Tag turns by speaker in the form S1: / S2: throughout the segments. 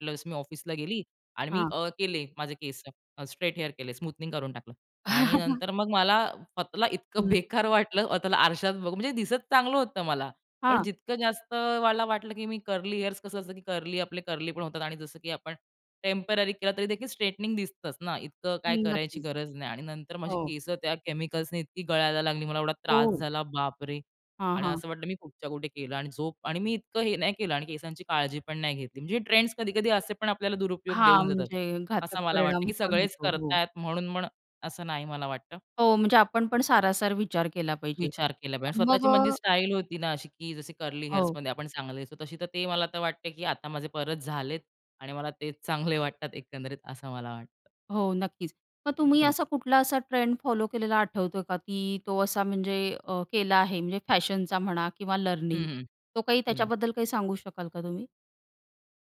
S1: Plus मी ऑफिसला गेली आणि मी
S2: हां.
S1: अ केले माझे केसं, स्ट्रेट हेअर केले स्मूथनिंग करून टाकलं. आणि नंतर मग मला स्वतःला इतकं
S2: हं.
S1: बेकार वाटलं स्वतःला आरशात बघू म्हणजे दिसत चांगलं होतं मला, पण
S2: हां.
S1: जितकं जास्त वाला वाटलं, की मी कर्ली हेअर्स कसं असतं, की कर्ली आपले कर्ली पण होतात आणि जसं की आपण टेम्पररी केला तरी देखील स्ट्रेटनिंग स्ट्रेटनिंग दिसतंच ना, इतकं काय
S2: हं,
S1: करायची
S2: नक्कीच.
S1: गरज नाही आणि नंतर माझी
S2: हो.
S1: केसं त्या केमिकल्सने इतकी गळायला लागली मला एवढा त्रास
S2: ओह.
S1: झाला बाप रे!
S2: हां,
S1: आणि
S2: हां.
S1: असं वाटलं मी कुठच्या कुठे केलं आणि झोप आणि मी इतकं हे नाही केलं आणि केसांची काळजी पण नाही घेतली. म्हणजे ट्रेंड्स कधी कधी असे पण आपल्याला दुरुपयोग
S2: हां,
S1: देऊन जातात.
S2: म्हणजे घातक
S1: असं मला वाटतं
S2: परिणाम
S1: की
S2: पण
S1: सगळेच
S2: होतो,
S1: करत
S2: हो.
S1: आहेत म्हणून म्हण असं नाही मला वाटतं.
S2: हो, म्हणजे आपण पण सारासार विचार केला पाहिजे.
S1: विचार केला पाहिजे.
S2: अ
S1: आणि
S2: मग
S1: स्वतःची म्हणजे स्टाईल होती ना, अशी की जशी कर्ली हेअर्स
S2: हो.
S1: मध्ये आपण चांगले दिसू, तशी तर ते मला तर वाटते, की आता माझे परत झालेत आणि मला ते चांगले वाटतात एकंदरीत असं मला वाटतं.
S2: हो नक्कीच. मग तुम्ही
S1: हं.
S2: असा कुठला असा ट्रेंड फॉलो केलेला आठवतोय का, की तो असा म्हणजे अ, केला आहे म्हणजे फॅशनचा म्हणा किंवा
S1: हं,
S2: लर्निंग
S1: हं,
S2: तो काही
S1: हं.
S2: त्याच्याबद्दल काही सांगू शकाल का तुम्ही?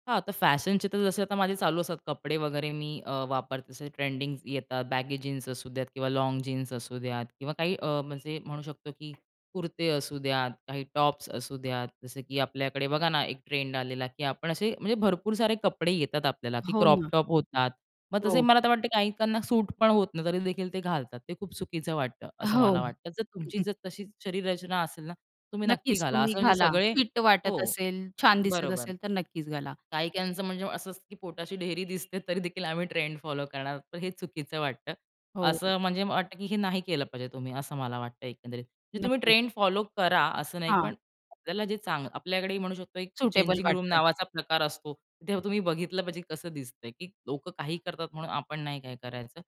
S1: हां, तर फॅशनचे तर जसे आता माझे चालू असतात कपडे वगैरे मी अ, वापरते जसे ट्रेंडिंग येतात. बॅगे जीन्स असू द्यात किंवा लाँग जीन्स असू द्यात किंवा काही अ, म्हणजे म्हणू शकतो, की कुर्ते असू द्या, काही टॉप्स असू द्या जसं की आपल्याकडे बघा ना, एक ट्रेंड आलेला की आपण असे, म्हणजे भरपूर सारे कपडे येतात आपल्याला, की
S2: हो
S1: क्रॉप
S2: ना.
S1: टॉप होतात. मग तसे
S2: हो.
S1: मला तर वाटते काहीकांना सूट पण होत नाही तरी देखील ते घालतात, ते खूप चुकीचं वाटतं, असं मला
S2: हो.
S1: वाटतं. जर तुमची जर तशी शरीररचना असेल ना, तुम्ही नक्की
S2: नक्कीच
S1: घाला.
S2: तुम्ही
S1: असं म्हणजे
S2: घाला
S1: सगळे
S2: फिट वाटत
S1: हो.
S2: असेल, छान दिसत
S1: बरोबर.
S2: असेल, तर नक्कीच घाला.
S1: काही क्यांचं म्हणजे असं असतं, की पोटाची ढेरी दिसते तरी देखील आम्ही ट्रेंड फॉलो करणार आहोत पण हे चुकीचं वाटतं.
S2: हो.
S1: असं म्हणजे मला वाटतं, की हे नाही केलं पाहिजे तुम्ही असं मला वाटतं एकंदरीत. म्हणजे तुम्ही
S2: नक्कीच.
S1: ट्रेंड फॉलो करा, असं नाही
S2: हां.
S1: पण आपल्याला जे चांग आपल्याकडेही म्हणू शकतो एक
S2: सुटेबल
S1: चेंजिंग रूम
S2: वाटतं.
S1: नावाचा प्रकार असतो. तेव्हा तुम्ही बघितलं पाहिजे कसं दिसतं. की लोकं काहीही करतात म्हणून आपण नाही काय करायचं.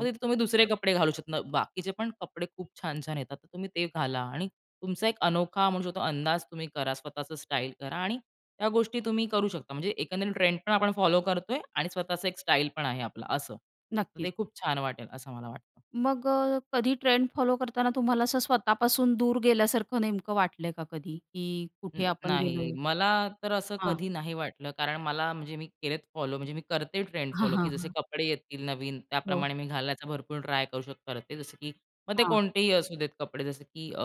S1: मग तिथे तुम्ही दुसरे कपडे घालू शकता. बाकीचे पण कपडे खूप छान छान येतात. तर तुम्ही ते घाला आणि तुमचा एक अनोखा म्हणू शकतो, अंदाज तुम्ही करा. स्वतःचं स्टाईल करा आणि त्या गोष्टी तुम्ही करू शकता. म्हणजे एकंदरीत ट्रेंड पण आपण फॉलो करतोय आणि स्वतःचा एक स्टाईल पण आहे आपला असं. तर
S2: नक्कीच.
S1: ते खूप छान वाटेल असं मला वाटतं.
S2: मग अ, कधी ट्रेंड फॉलो करताना तुम्हाला असं स्वतःपासून दूर गेल्यासारखं नेमकं वाटल आहे का कधी, की
S1: अ,
S2: कुठे आपण गेलो
S1: नाही.
S2: आहे?
S1: मला तर असं
S2: हां.
S1: कधी नाही वाटलं, कारण मला म्हणजे मी केलेत फॉलो, म्हणजे मी करते ट्रेंड
S2: हां,
S1: फॉलो, की
S2: हां,
S1: जसे
S2: हां.
S1: कपडे येतील नवीन
S2: हो.
S1: त्याप्रमाणे मी घालण्याचा भरपूर ट्राय करू शकते जसं, की मग ते
S2: हां.
S1: कोणतेही असू देत कपडे जसं, की अ,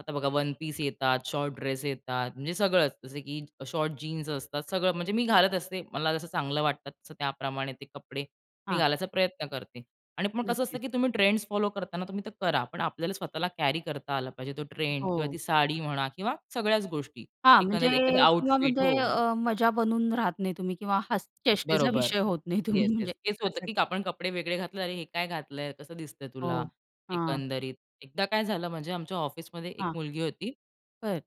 S1: आता बघा वन पीस येतात, शॉर्ट ड्रेस येतात म्हणजे सगळंच जसं की शॉर्ट जीन्स असतात सगळं, म्हणजे मी घालत असते मला जसं चांगलं वाटतं तसं त्याप्रमाणे, ते कपडे मी
S2: हां.
S1: घालायचा प्रयत्न करते. आणि मग कसं असतं
S2: नक्कीच.
S1: की तुम्ही ट्रेंड्स फॉलो करताना तुम्ही ते करा. पण आपल्याला स्वतःला कॅरी करता आला पाहिजे तो ट्रेंड किंवा
S2: हो.
S1: ती साडी म्हणा किंवा सगळ्याच गोष्टी.
S2: हां, म्हणजे
S1: एखाद्याला एखादा
S2: किंवा
S1: आउटफिट
S2: म्हणजे
S1: हो, हो.
S2: अ, मजा बनून राहत नाही तुम्ही किंवा हस चेष्टेचा
S1: बरोबर.
S2: विषय होत नाही तुम्ही
S1: येस, येस.
S2: म्हणजे
S1: हेच होतं,
S2: असं.
S1: की आपण कपडे वेगळे घातले अरे हे काय घातल आहे कसं दिसत आहे तुला,
S2: हो, हां.
S1: एकंदरीत. एकदा काय झालं म्हणजे आमच्या ऑफिसमध्ये एक
S2: हां.
S1: मुलगी होती
S2: [unintelligible]